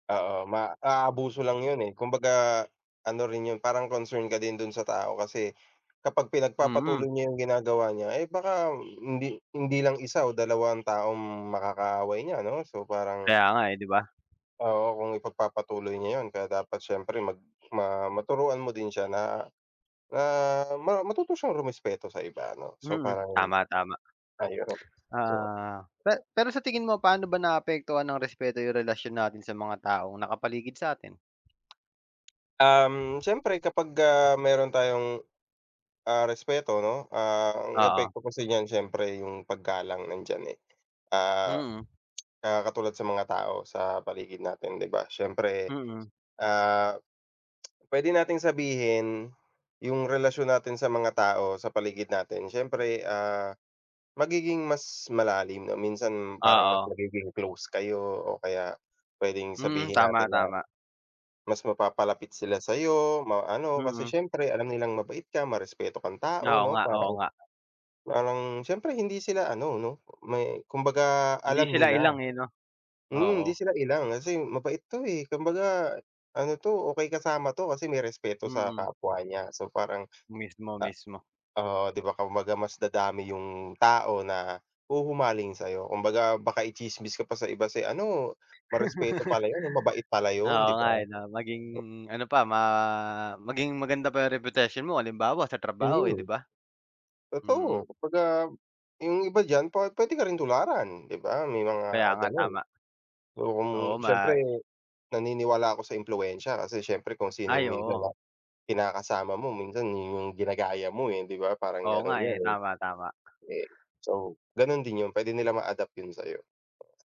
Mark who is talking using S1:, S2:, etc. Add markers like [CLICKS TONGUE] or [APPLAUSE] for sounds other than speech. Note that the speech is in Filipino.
S1: Oo, ma aabuso lang yun, eh. Kumbaga, ano rin yun, parang concern ka din do'n sa tao kasi, kapag
S2: Mm.
S1: pinagpapatuloy niya yung ginagawa niya, eh, baka hindi hindi lang isa o dalawa ang taong makakaaway niya 'no? So parang
S2: Kaya nga eh, 'di ba?
S1: Oo, kung ipagpapatuloy niya yun kaya dapat siyempre mag ma maturuan mo din siya na na ma matuto siyang rumespeto sa iba 'no? So
S2: Mm,
S1: parang
S2: tama, tama.
S1: ayun. So
S2: Ah, pe pero sa tingin mo, paano ba naaapektuhan ng respeto yung relasyon natin sa mga taong nakapaligid sa'tin?
S1: Um, siyempre kapag, ah, meron tayong, ah, respeto 'no, ah, ang
S2: Oo.
S1: epekto kasi niyan siyempre yung paggalang nandiyan, eh. Ah,
S2: Mm.
S1: ah, katulad sa mga tao sa paligid natin, 'di ba? Siyempre,
S2: Mm.
S1: ah, [CLICKS TONGUE] pwede nating sabihin, yung relasyon natin sa mga tao sa paligid natin. Siyempre, ah, magiging mas malalim, o minsan parang mas
S2: Oo.
S1: magiging close kayo o kaya pwedeng
S2: Mm,
S1: sabihin natin
S2: tama,
S1: na,
S2: tama.
S1: mas mapapalapit sila sa'yo, ma ano, kasi
S2: Mm.
S1: siyempre alam nilang mabait ka, marespeto kang tao,
S2: Oo
S1: 'no?
S2: nga, oo
S1: Parang
S2: nga.
S1: parang siyempre hindi sila ano 'no? May kumbaga
S2: 'Di
S1: alam
S2: sila
S1: nila.
S2: ilang eh, 'no?
S1: Mm, hindi
S2: Oo.
S1: sila ilang, kasi mabait 'to, eh. Kumbaga ano 'to, okey kasama 'to kasi may respeto sa
S2: Mm.
S1: kapwa niya. So parang,
S2: Mismo,
S1: ah
S2: mismo.
S1: oo, 'di ba? Kumbaga mas dadami yung tao na huhumaling sa'yo. Kumbaga baka i-tsismis ka pa sa iba, "Si ano, marespeto pala yun, mabait pala yun,"
S2: Oo
S1: 'di
S2: nga eh,
S1: ba?
S2: 'no? Maging, ano pa ma maging maganda pa yung reputasyon mo, halimbawa sa trabaho eh, 'di
S1: Mhm.
S2: ba? Mm.
S1: Totoo. Kumbaga, yung iba diyan pa pwede ka rin tularan, 'di ba? May
S2: Kaya
S1: mga
S2: nga,
S1: gano'n.
S2: tama.
S1: Oo, kung
S2: Oo, ma
S1: siyempre, naniniwala ako sa impluwensya, kasi siyempre kung sino
S2: Ay,
S1: yung minsan na
S2: oo.
S1: kinakasama mo, minsan 'yon yung ginagaya mo eh, 'di ba? Parang
S2: Oo nga
S1: gano'n
S2: eh,
S1: yun, eh.
S2: tama, tama.
S1: Eh so, gano'n din yun. Pwede nila ma-adapt yun sa'yo.